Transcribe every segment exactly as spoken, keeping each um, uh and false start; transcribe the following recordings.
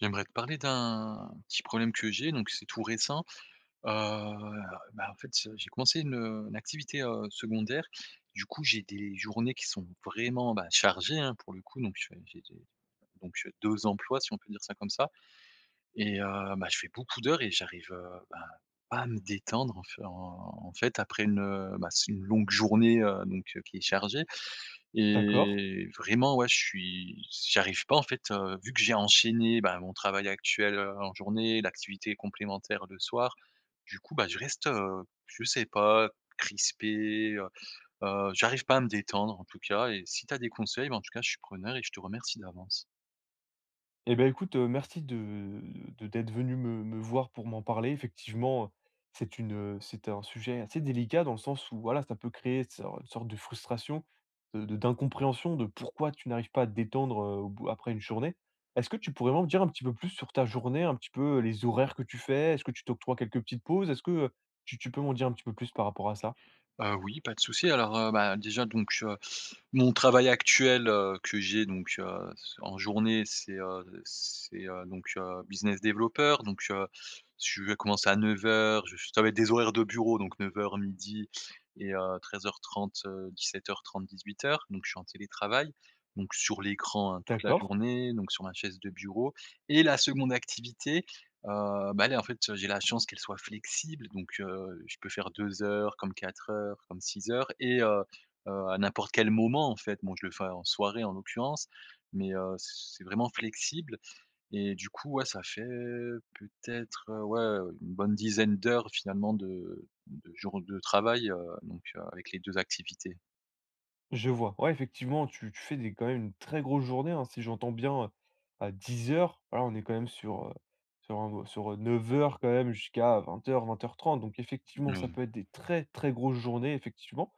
J'aimerais te parler d'un petit problème que j'ai, donc c'est tout récent. Heu, bah en fait, heu, j'ai commencé une, heu, une activité, heu, secondaire. Du coup, j'ai des journées qui sont vraiment bah chargées, hein, pour le coup. Donc, j'ai j'ai j'ai donc deux emplois, si on peut dire ça comme ça. Et, heu, bah je fais beaucoup d'heures et j'arrive, heu, ben pas à me détendre en fai en fait, après une, heu bah c'est une longue journée, heu, donc qui est chargée. D'accord. Et vraiment, ouais je suis s j'y j'arrive pas en fait, heu, vu que j'ai enchaîné ben mon travail actuel, heu, en journée, l'activité complémentaire le soir, du coup bah je reste, heu, je sais pas crispé, heu heu j'arrive pas à me détendre en tout cas, et si tu as des conseils bah en tout cas je suis preneur et je te remercie d'avance. Et bah écoute, heu, merci de de d'être venu me me voir pour m'en parler. Effectivement, c'est une heu c'était un sujet assez délicat, dans le sens où, voilà, ça peut créer so une sorte de frustration, de de d'incompréhension de pourquoi tu n'arrives pas à te détendre, heu, au bout après une journée. Est-ce que tu pourrais m'en dire un petit peu plus sur ta journée, un petit peu les horaires que tu fais? Est-ce que tu t'octroies quelques petites pauses? Est-ce que, heu, tu tu peux m'en dire un petit peu plus par rapport à ça? Heu, oui, pas de souci, alors, heu, bah déjà donc, heu, mon travail actuel, heu, que j'ai donc, heu, c en journée, c'est, heu, c'est, heu, donc, heu, business developer, donc, heu, je vais commencer à neuf heures, je f ça va être des horaires de bureau, donc neuf heures-midi et, heu, treize heures trente heu, dix-sept heures trente-dix-huit heures. Donc je suis en télétravail, donc sur l'écran, hein, toute la D'accord. journée, donc sur ma chaise de bureau. Et la seconde activité, heu, bah elle est en fait, j'ai la chance qu'elle soit flexible. Donc, heu, je peux faire deux heures, comme quatre heures, comme six heures et heu heu à n'importe quel moment, en fait. Bon, je le fais en soirée en l'occurrence, mais, heu, c c'est vraiment flexible. Et du coup, ouais ça fait peut-être, heu, ouais une bonne dizaine d'heures finalement de de jours de travail, heu, donc, heu, avec les deux activités. Je vois, ouais effectivement, tu tu fais des quand même une très grosse journée, hein. Si j'entends bien, heu, dix heures, voilà, on est quand même sur, heu, sur un sur, heu, neuf heures quand même jusqu'à vingt heures-vingt heures trente. Donc effectivement, ça Mmh. peut être des très, très grosses journées, effectivement.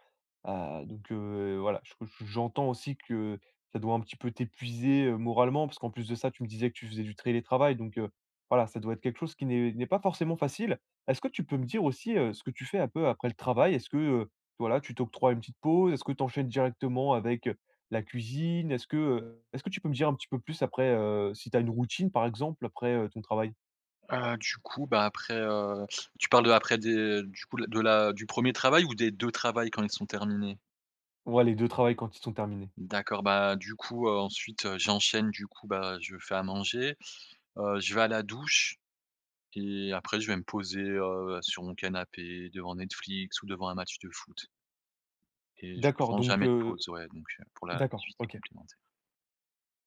Heu, donc, heu, et voilà, je co j j'entends aussi que ça doit un petit peu t'épuiser, heu, moralement, parce qu'en plus de ça, tu me disais que tu faisais du trélétravail. Donc, heu, voilà, ça doit être quelque chose qui n'est n'est pas forcément facile! Est-ce que tu peux me dire aussi, heu, ce que tu fais un peu après le travail? Est-ce que, heu, voilà, tu t'octroies une petite pause? Est-ce que tu enchaines directement avec, heu, la cuisine? Est-ce que heu est ce que tu peux me dire un petit peu plus après, heu, si tu as une routine par exemple, après, heu, ton travail? Heu, du coup, bah après, heu tu parles de après des du coup, la de la du premier travail ou des deux travails, quand ils sont terminés? Ouais, les deux travails, quand ils sont terminés. D'accord, bah du coup, heu, ensuite, heu, j'enchaîne, du coup, bah je fais à manger, heu, je vais à la douche et après je vais me poser, heu, sur mon canapé, devant Netflix ou devant un match de foot. Et je D'accord. prends Donc, jamais de heu pause ouais, donc pour d'accord, l'activité OK. complémentaire.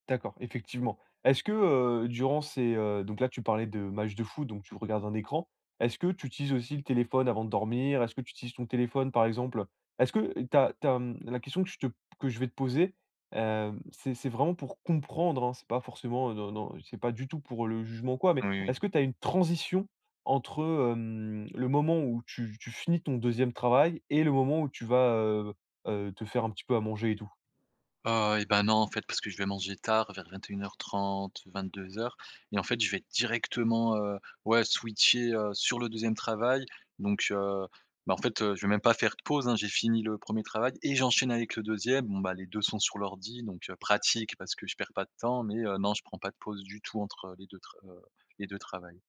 D'accord, effectivement. Est-ce que, heu, durant ces heu, donc là tu parlais de matchs de foot, donc tu regardes un écran. Est-ce que tu utilises aussi le téléphone avant de dormir? Est-ce que tu utilises ton téléphone, par exemple est-ce que tu as tu as mmh, la question que je te p que je vais te poser, hem c'est c'est vraiment pour comprendre, hein, c'est pas forcément non, non, c'est pas du tout pour le jugement ou quoi, mais Oui, oui. est-ce que tu as une transition entre heu, hem, le moment où tu tu finis ton deuxième travail et le moment où tu vas heu heu te faire un petit peu à manger et tout? Heu et bah non, en fait. Parce que je vais manger tard, vers vingt-et-une heures trente-vingt-deux heures et en fait je vais directement, heu, ouais switcher, heu, sur le deuxième travail. Donc, heu, bah, en fait, heu, je vais même pas faire de pause, hein. J'ai fini le premier travail et j'enchaîne avec le deuxième. Bon bah les deux sont sur l'ordi, donc, heu, pratique, parce que je perds pas de temps. Mais, heu, non, je ne prends pas de pause du tout entre les deux tr heu, les deux travails.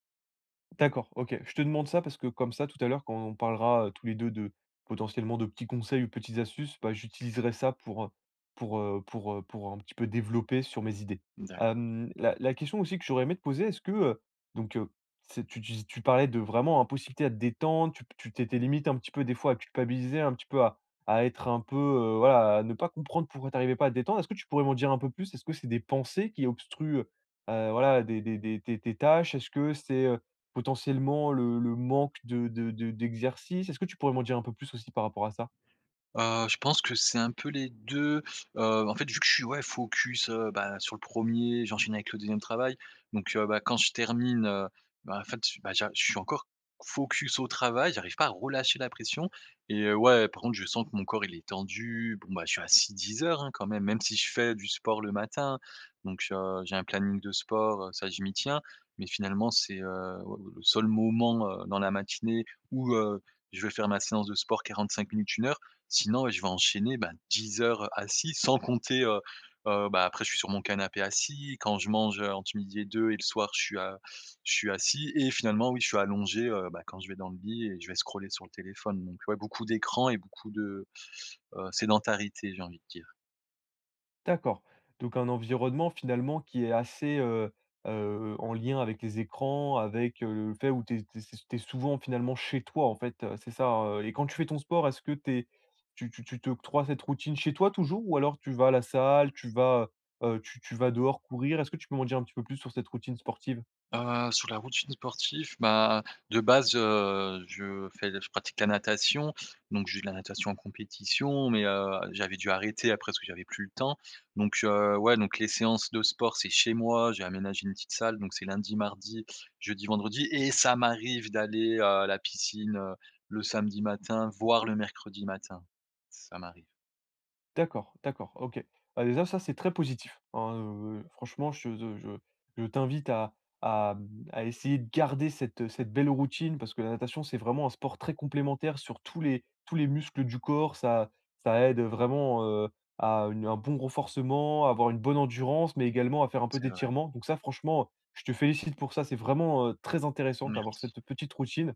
D'accord, OK. Je te demande ça parce que, comme ça, tout à l'heure quand on parlera tous les deux de, potentiellement de petits conseils ou petites astuces, bah j'utiliserai ça pour, heu, pour, heu, pour, heu, pour un petit peu développer sur mes idées. Mmh d'accord. Hem, la la question aussi que j'aurais aimé te poser, est-ce que, heu, donc, heu, c'est tu dis tu parlais de vraiment impossibilité à te détendre, tu p tu étais limite un petit peu des fois à culpabiliser, un petit peu à à être un peu, heu, voilà à ne pas comprendre pourquoi tu arrivais pas à te détendre. Est-ce que tu pourrais m'en dire un peu plus? Est-ce que c'est des pensées qui obstruent, heu heu, voilà des des des tes tes tâches? Est-ce que c'est, heu, potentiellement le le manque de de de d'exercice? Est-ce que tu pourrais m'en dire un peu plus aussi, par rapport à ça? Heu, je pense que c'est un peu les deux. Heu, en fait, vu que je suis ouais focus, heu, bah sur le premier, j'enchaîne avec le deuxième travail. Donc, heu, bah quand je termine, heu, bah en fait bah j'a je suis encore focus au travail, j'arrive pas à relâcher la pression. Et, heu, ouais, par contre je sens que mon corps il est tendu, bon bah je suis assis dix heures, hein, quand même, même si je fais du sport le matin. Donc, heu, j'ai un planning de sport, heu, ça, je m'y tiens. Mais finalement, c'est, heu, oua le seul moment, heu, dans la matinée où, heu, je vais faire ma séance de sport quarante-cinq minutes, une heure. Sinon, ouais je vais enchaîner ben dix heures, heu, assis, sans compter, heu heu, bah après je suis sur mon canapé assis, quand je mange ent midi et deux et le soir je suis a je suis assis. Et finalement, oui je suis allongé, heu, bah quand je vais dans le lit et je vais scroller sur le téléphone. Donc, ouais, beaucoup d'écrans et beaucoup de, heu, sédentarité, j'ai envie de dire. D'accord, donc un environnement finalement qui est assez heu heu en lien avec les écrans, avec, heu, le fait où tu es tu es s tu es souvent finalement chez toi, en fait, heu, c'est ça, heu? Et quand tu fais ton sport, est-ce que tu es tu tu tu t'octroies cette routine chez toi toujours? Ou alors tu vas à la salle, tu vas, heu heu, tu tu vas dehors courir? Est-ce que tu peux m'en dire un petit peu plus sur cette routine sportive? Heu, sur la routine sportif, bah, de base, heu, je fais je pratique la natation, donc je vais de la natation en compétition, mais, heu, j'avais dû arrêter après parce que j'avais plus le temps. Donc, heu, ouais, donc les séances de sport, c'est chez moi. J'ai aménagé une petite salle, donc c'est lundi, mardi, jeudi, vendredi et ça m'arrive d'aller, heu, à la piscine, heu, le samedi matin, voir le mercredi matin. Ça m'arrive. D'accord, d'accord, OK. Bah, désa ça, c'est très positif. En heu, be franchement, je te de je veux je t'invite à à hem, à essayer de garder cette cette belle routine, parce que la natation, c'est vraiment un sport très complémentaire sur tous les tous les muscles du corps. Ça ça aide vraiment, heu, à une un bon renforcement, avoir une bonne endurance, mais également à faire un peu C'est vrai. d'étirements. Donc ça franchement, heu, je te félicite pour ça. C'est vraiment, heu, très intéressant d'avoir Merci. cette petite routine,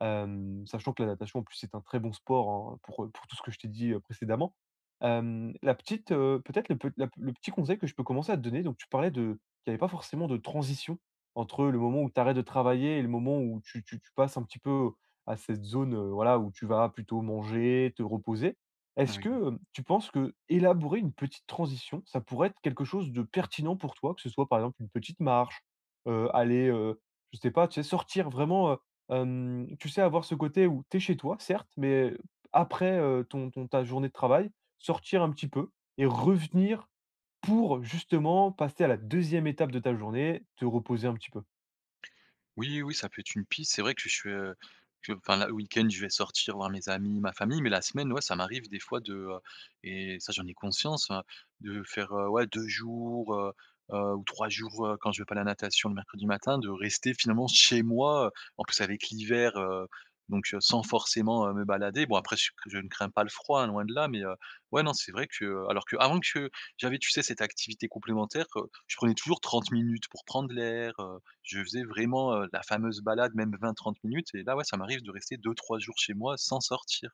hem, sachant que la natation en plus, c'est un très bon sport, hein, heu, pour, heu, pour tout ce que je t'ai dit précédemment. Hem, la petite, heu peut-être le pe la pe le petit conseil que je peux commencer à te donner: donc tu parlais de qu'il y avait pas forcément de transition entre le moment où tu arrêtes de travailler et le moment où tu tu tu passes un petit peu à cette zone, heu, voilà où tu vara plutôt manger, te reposer. Est-ce Oui. que, hem, tu penses que élaborer une petite transition, ça pourrait être quelque chose de pertinent pour toi? Que ce soit par exemple une petite marche, heu, aller, heu, je sais pas, tu sais, sortir vraiment, heu hem, tu sais, avoir ce côté où tu es chez toi, certes, mais p après, heu, ton ton ta journée de travail, sortir un petit peu et revenir pour justement passer à la deuxième étape de ta journée: te reposer un petit peu. Oui, oui, ça peut être une piste. C'est vrai que je suis, heu que enfin la le week-end je vais sortir voir mes amis, ma famille, mais la semaine, ouais, ça m'arrive des fois de heu et ça j'en ai conscience, hein, de faire, heu, ouais deux jours, heu heu, ou trois jours quand je vais pas la natation le mercredi matin, de rester finalement chez moi, heu, en plus avec l'hiver, heu, donc, heu, sans forcément, heu, me balader. Bon après je sais que je ne crains pas le froid, loin de là, mais, heu, ouais non c'est vrai que alors que avant che j'avais, tu sais, cette activité complémentaire, heu, je prenais toujours trente minutes pour prendre l'air, heu, je faisais vraiment, heu, la fameuse balade même vingt-trente minutes. Et là ouais, ça m'arrive de rester deux-trois jours chez moi sans sortir.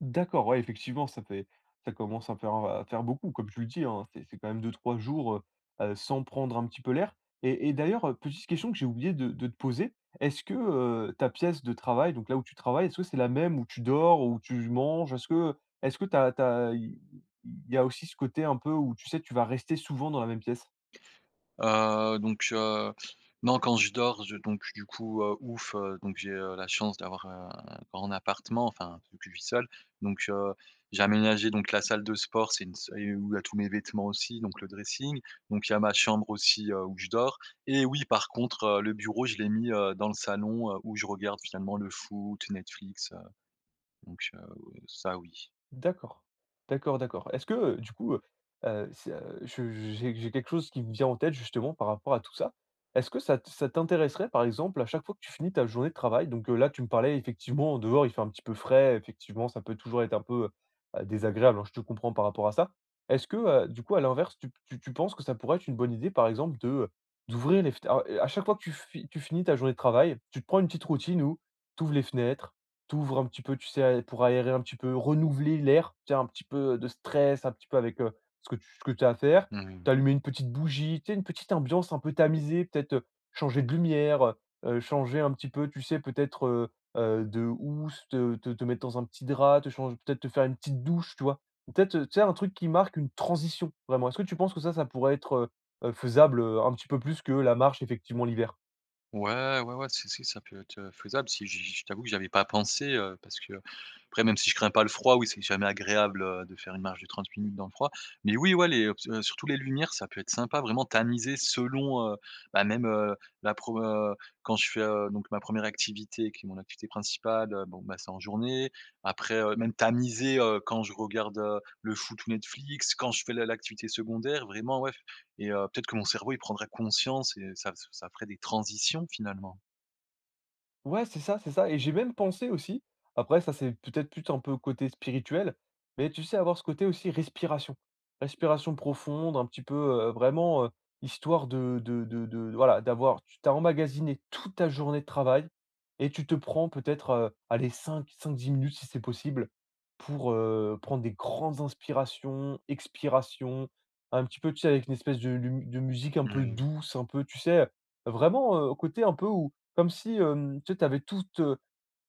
D'accord, ouais, effectivement, ça fait ça commence à faire à faire beaucoup, comme tu le dis, hein. C'est c'est quand même deux-trois jours heu heu sans prendre un petit peu l'air. Et et d'ailleurs, heu petite question que j'ai oublié de de te poser: est-ce que heu ta pièce de travail, donc là où tu travailles, est-ce que c'est la même où tu dors, où tu manges? Est-ce que est-ce que tu as tu as i il y a aussi ce côté un peu où, tu sais, tu vas rester souvent dans la même pièce? Heu, donc, heu, non quand je dors, je donc, du coup, heu ouf! Heu donc, j'ai heu la chance d'avoir un grand appartement, enfin, vu que je vis seul. Donc heu, j'ai aménagé donc la salle de sport, c'est une s où il y a heu tous mes vêtements aussi, donc le dressing. Donc il y a ma chambre aussi, heu, où je dors. Et oui, par contre, heu, le bureau je l'ai mis heu dans le salon, heu, où je regarde finalement le foot, Netflix, heu Donc heu ou ça, oui. D'accord. D'accord, d'accord. Est-ce que, heu, du coup, heu heu, c' je j'ai j'ai quelque chose qui me vient en tête, justement, par rapport à tout ça. Est-ce que ça t ça t'intéresserait, par exemple, à chaque fois que tu finis ta journée de travail- donc heu là, tu me parlais effectivement, dehors, il fait un petit peu frais, effectivement, ça peut toujours être un peu, heu, désagréable, hein, je te comprends par rapport à ça- est-ce que, heu, du coup, à l'inverse, tu p tu tu penses que ça pourrait être une bonne idée, par exemple, de heu, d'ouvrir les f t alors, à chaque fois que tu fi tu finis ta journée de travail, tu te prends une petite routine où tu ouvres les fenêtres, tu ouvres un petit peu, tu sais, pour aérer un petit peu, renouveler l'air, tu sais? Un petit peu de stress, un petit peu avec, heu, ce que tu ce que tu as à faire, Mmh mh. t'allumer une petite bougie, tu sais, une petite ambiance un peu tamisée? Peut-être, heu, changer de lumière, heu heu changer un petit peu, tu sais, peut-être heu heu de housse, te te te mettre dans un petit drap, te change peut-être te faire une petite douche, tu vois? Peut-être, heu tu sais, un truc qui marque une transition, vraiment. Est-ce que tu penses que ça, ça pourrait être, heu heu, faisable, heu, un petit peu plus que la marche, effectivement, l'hiver? Ouais, ouais, ouais, si, si ça peut être, heu, faisable. Si j je t'avoue que j'avais pas pensé, heu, parce que après, même si je crains pas le froid, oui, c'est jamais agréable de faire une marche de trente minutes dans le froid. Mais oui, ouais, les heu ps surtout les lumières, ça peut être sympa, vraiment tamisées selon, heu, bah, même la pro heu quand je fais, heu, donc ma première activité qui est mon activité principale, bon, bah, c'est en journée, après heu même tamiser, heu, quand je regarde, heu, le foot, ou Netflix, quand je fais l'a l'activité secondaire vraiment, ouais. Et heu, peut-être que mon cerveau, il prendrait conscience et ça f ça ferait des transitions finalement. Ouais, c'est ça, c'est ça. Et j'ai même pensé aussi. Après, ça, c'est peut-être plus un peu côté spirituel, mais tu sais avoir ce côté aussi respiration. Respiration profonde, un petit peu, heu, vraiment, heu, histoire de de de de voilà d'avoir, tu tu as emmagasiné toute ta journée de travail et tu te prends peut être, heu, aller cinq, cinq-dix minutes si c'est possible pour, heu, prendre des grandes inspirations, expirations. Un petit peu, tu sais avec une espèce de lum de musique un peu Mmh. douce, un peu tu sais, heu, vraiment, heu, côté un peu où comme si, hem, tu avais toute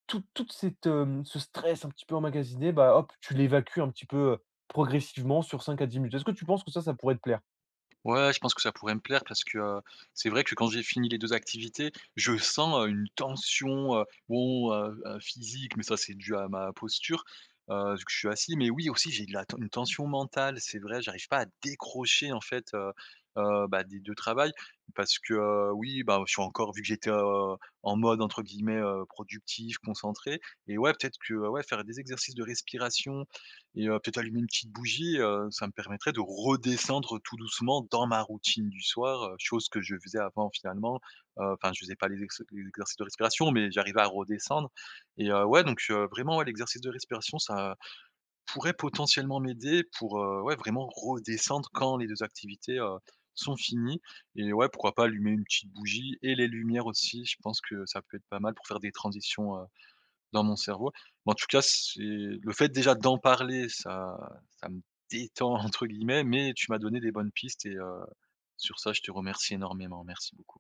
toute toute cette, hem ce stress un petit peu emmagasiné, bah, hop! Tu l'évacues un petit peu progressivement sur cinq à dix minutes. Est-ce que tu penses que ça pourrait te plaire? Ouais, je pense que ça pourrait me plaire. Parce que, c'est vrai que quand j'ai fini les deux activités, je sens une tension heu, bon, heu, heu, physique, mais ça, c'est dû à ma posture. Heu, vu que je suis assis. Mais oui, aussi, j'ai de la t une tension mentale, c'est vrai. J'arrive pas à décrocher en fait, heu, heu, bah, des deux travails. Parce que oui, bah, je suis encore vu que j'étais, heu, en mode entre guillemets, heu, productif, concentré. Et ouais, peut-être que, ouais, faire des exercices de respiration et, heu, peut-être allumer une petite bougie, heu. Ça me permettrait de redescendre tout doucement dans ma routine du soir, chose que je faisais avant finalement. Heu, enfin, je faisais pas les exer les exercices de respiration, mais j'arrivais à redescendre. Et heu, ouais, donc, heu, vraiment ouais, l'exercice de respiration, ça pourrait potentiellement m'aider pour, heu, ouais, vraiment redescendre quand les deux activités, heu, sont finies. Et ouais, pourquoi pas allumer une petite bougie et les lumières aussi. Je pense que ça peut être pas mal pour faire des transitions, heu, dans mon cerveau. Bah, en tout cas, c'est le fait déjà d'en parler, ça ça me détend entre guillemets, mais tu m'as donné des bonnes pistes et, heu, sur ça, je te remercie énormément, merci beaucoup.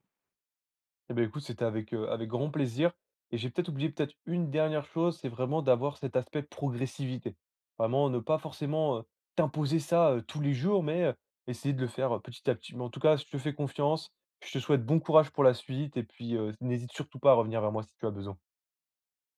Et beh, écoute, c'était avec, heu, avec grand plaisir et j'ai peut-être oublié peut-être une dernière chose. C'est vraiment d'avoir cet aspect progressivité. Vraiment, ne pas forcément heu t'imposer ça tous les jours. Mais, heu, essayer de le faire petit à petit. Mais en tout cas, je te fais confiance, je te souhaite bon courage pour la suite. Et puis, heu, n'hésite surtout pas à revenir vers moi si tu as besoin.